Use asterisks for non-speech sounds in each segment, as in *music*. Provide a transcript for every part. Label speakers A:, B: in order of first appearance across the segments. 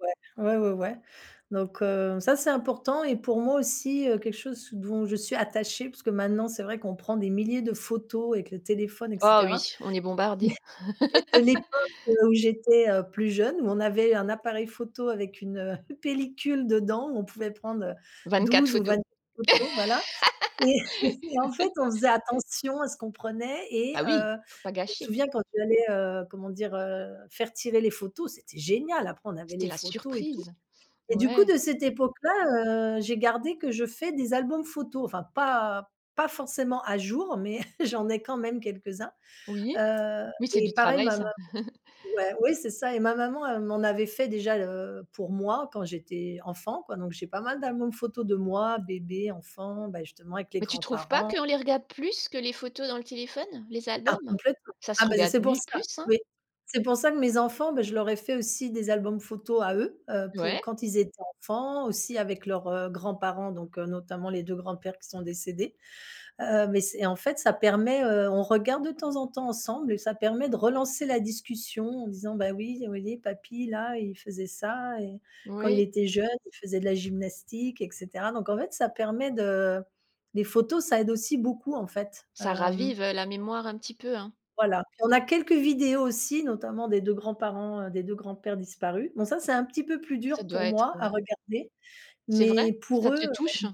A: Ouais. Ouais, ouais, ouais donc heu, ça c'est important et pour moi aussi, heu, quelque chose dont je suis attachée, parce que maintenant c'est vrai qu'on prend des milliers de photos avec le téléphone et
B: Oh
A: cetera,
B: oui, on est bombardés.
A: mais mais de
B: *laughs*
A: l'époque, heu, où j'étais, heu, plus jeune, où on avait un appareil photo avec une, heu, *chuckles* pellicule dedans où on pouvait prendre, heu,
B: 24
A: 12 ou
B: photos.
A: 24 photos, voilà. Et *chuckles* et en fait,
B: *laughs*
A: on faisait attention à ce qu'on prenait. Et
B: Ah oui.
A: heu,
B: Faut pas
A: je me
B: gâcher.
A: souviens quand tu allais, heu, comment dire? Heu, faire tirer les photos, c'était génial. Après, on avait
B: C'était
A: les
B: la
A: photos et tout.
B: surprise.
A: Et du coup,
B: Ouais.
A: de cette époque là, heu, j'ai gardé que je fais des albums photos, enfin pas pas forcément à jour, mais *chuckles* j'en ai quand même quelques uns,
B: Oui.
A: heu,
B: Oui, c'est du
A: et pareil,
B: travail
A: ma maman
B: ça. *chuckles*
A: ouais, oui, c'est ça et ma maman m'en avait fait déjà, heu, pour moi quand j'étais enfant, quoi. Donc j'ai pas mal d'albums photos de moi, bébé, enfant, bah, justement, avec les
B: Mais tu trouves pas
A: grands-parents.
B: qu'on les regarde plus que les photos dans le téléphone, les
A: Ah,
B: albums?
A: complètement.
B: Ça se
A: Ah bah, c
B: regarde
A: c'est pour
B: mie
A: ça.
B: plus, hein?
A: Oui, c'est pour ça que mes enfants, bah, je leur ai fait aussi des albums photos à eux. Heu, pour
B: Ouais.
A: quand ils étaient enfants, aussi avec leurs, heu, grands-parents, donc notamment les 2 grands-pères qui sont décédés. Heu, mais c'est et en fait, ça permet, heu on regarde de temps en temps ensemble et ça permet de relancer la discussion en disant: «Bah oui, vous voyez, papy là, il faisait ça et quand il
B: Oui.
A: était jeune, il faisait de la gymnastique» et cetera. Donc en fait, ça permet de les photos, ça aide aussi beaucoup, en fait,
B: Ça
A: hem
B: ravive, heu, la mémoire un petit peu, hein.
A: Voilà. Puis, on a quelques vidéos aussi, notamment des 2 grands-parents, des 2 grands-pères disparus. Bon, ça, c'est un petit peu plus
B: Ça
A: dur
B: doit
A: pour
B: être,
A: moi à
B: heu
A: regarder.
B: C'est vrai?
A: Mais pour
B: Ça
A: eux,
B: te touche?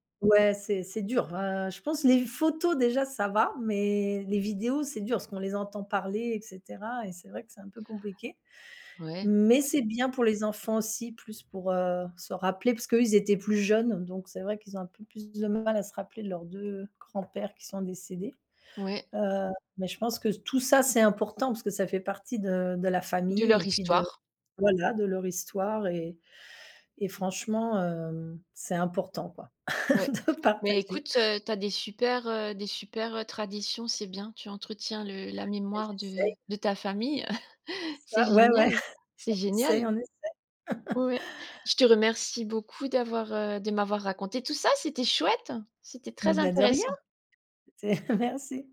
A: hem ouais, c'est c'est dur, hein, je pense, les photos déjà, ça va, mais les vidéos, c'est dur parce qu'on les entend parler et cetera et c'est vrai que c'est un peu compliqué.
B: Ouais.
A: Mais
B: Ouais.
A: c'est bien pour les enfants aussi, plus pour, heu, se rappeler parce qu'eux, ils étaient plus jeunes. Donc c'est vrai qu'ils ont un peu plus de mal à se rappeler de leurs 2 grands-pères qui sont décédés.
B: Ouais.
A: Heu, mais je pense que tout ça, c'est important parce que ça fait partie de de la
B: De
A: famille
B: leur
A: et puis de,
B: histoire.
A: voilà, de leur histoire et et franchement, hem, c'est important, quoi,
B: Ouais.
A: *chuckles* de
B: Mais
A: partager.
B: écoute, heu, tu as des super, heu, des super, heu, traditions, c'est bien. Tu entretiens le la
A: Bah,
B: mémoire de
A: j'essaie.
B: de ta famille, *chuckles*
A: C'est
B: c'est
A: ça, ouais, ouais.
B: génial,
A: *chuckles*
B: c'est
A: On
B: génial.
A: essaie, on essaie. *chuckles*
B: Ouais. Je te remercie beaucoup d'avoir, heu, de m'avoir raconté tout ça. C'était chouette, c'était
A: Et
B: très
A: bah, de rien.
B: intéressant.
A: C'était *chuckles* merci.